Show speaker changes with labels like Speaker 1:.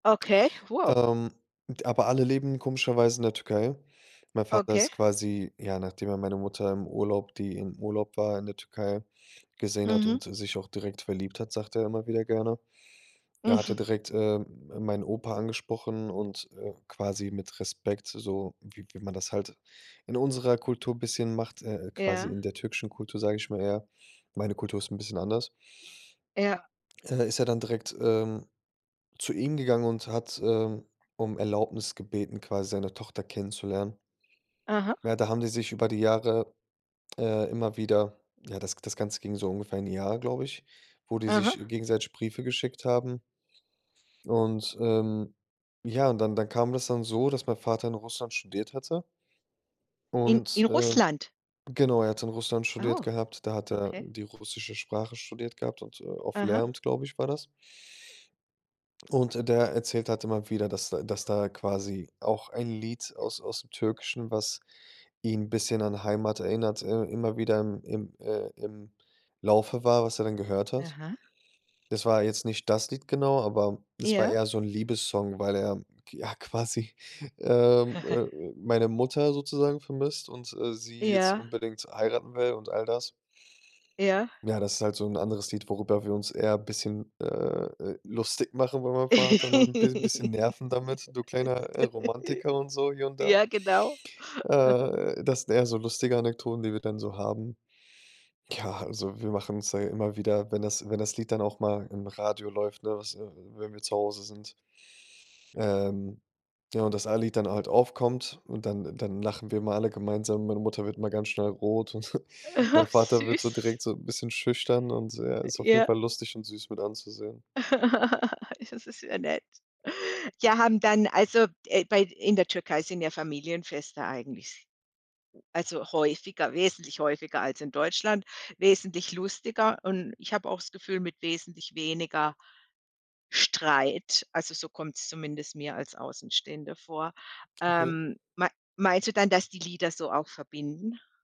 Speaker 1: Okay, wow.
Speaker 2: Ähm, d aber alle leben komischerweise in der Türkei. Mein Vater ist
Speaker 1: Okay.
Speaker 2: quasi, ja, nachdem er meine Mutter im Urlaub die im Urlaub war in der Türkei, gesehen hat
Speaker 1: Mhm.
Speaker 2: und s sich auch direkt verliebt hat, sagt er immer wieder gerne er hat ja
Speaker 1: Mhm.
Speaker 2: direkt, äh, meinen Opa angesprochen und, äh, quasi mit Respekt, so wie wie man das halt in unserer Kultur bisschen macht, äh, quasi
Speaker 1: Ja.
Speaker 2: in der türkischen Kultur, sage ich mal eher, meine Kultur ist 'n bisschen anders
Speaker 1: Ja.
Speaker 2: äh, ist ja dann direkt, ähm, zu ihm gegangen und hat, ähm, um Erlaubnis gebeten, quasi seine Tochter kennenzulernen.
Speaker 1: Aha.
Speaker 2: Ja, da haben die sich über die Jahre, äh, immer wieder ja, das g das Ganze ging so ungefähr 'n Jahr, glaube ich, wo die sich
Speaker 1: Aha.
Speaker 2: gegenseitig Briefe geschickt haben. Und, ähm, ja, dann dann kam das dann so, dass mein Vater in Russland studiert hatte
Speaker 1: In
Speaker 2: und,
Speaker 1: in
Speaker 2: äh
Speaker 1: Russland?
Speaker 2: genau, er hatte in Russland studiert
Speaker 1: Oh,
Speaker 2: gehabt, da hat er
Speaker 1: okay.
Speaker 2: die russische Sprache studiert gehabt und, äh, auf
Speaker 1: Aha.
Speaker 2: Lehramt, glaube ich, war das. Und der erzählt halt immer wieder, dass da dass da quasi auch ein Lied aus aus'm Türkischen, was ihn 'n bisschen an Heimat erinnert äh, immer wieder im im äh, im Laufe war, was er dann gehört hat.
Speaker 1: Aha.
Speaker 2: Das war jetzt nicht das Lied genau, aber das war
Speaker 1: Ja.
Speaker 2: eher so 'n Liebessong, weil er ja quasi, ähm, äh, meine Mutter sozusagen vermisst und, äh, sie jetzt
Speaker 1: Ja.
Speaker 2: unbedingt heiraten will und all das.
Speaker 1: Ja.
Speaker 2: Ja, das ist halt so 'n anderes Lied, worüber wir uns eher 'n bisschen, äh, äh, lustig machen, über meinen Vater noch 'n bis bisschen nerven damit, „du kleiner, äh, Romantiker“ und so, hier und da
Speaker 1: Ja, genau. Mhm.
Speaker 2: äh, das sind eher so lustige Anekdoten, die wir dann so haben. Ja, also wir machen uns da immer wieder, wenn das wenn das Lied dann auch mal im Radio läuft, ne, was äh, wenn wir zu Hause sind ähm, ja, und das eine Lied dann halt aufkommt und dann dann lachen wir immer alle gemeinsam, meine Mutter wird immer ganz schnell rot und mein
Speaker 1: Ach,
Speaker 2: Vater wird so direkt
Speaker 1: süß.
Speaker 2: so 'n bisschen schüchtern und er ist auf jeden
Speaker 1: Ja.
Speaker 2: Fall lustig und süß mit anzusehen.
Speaker 1: Das ist ja nett. Ja, haben dann, also äh, bei in der Türkei sind ja Familienfeste eigentlich, also häufiger wesentlich häufiger als in Deutschland, wesentlich lustiger und ich habe auch's Gefühl, mit wesentlich weniger Streit. Also so kommt's zumindest mir als Außenstehender vor.
Speaker 2: Okay.
Speaker 1: Ähm, me meinst du dann, dass die Lieder so auch verbinden?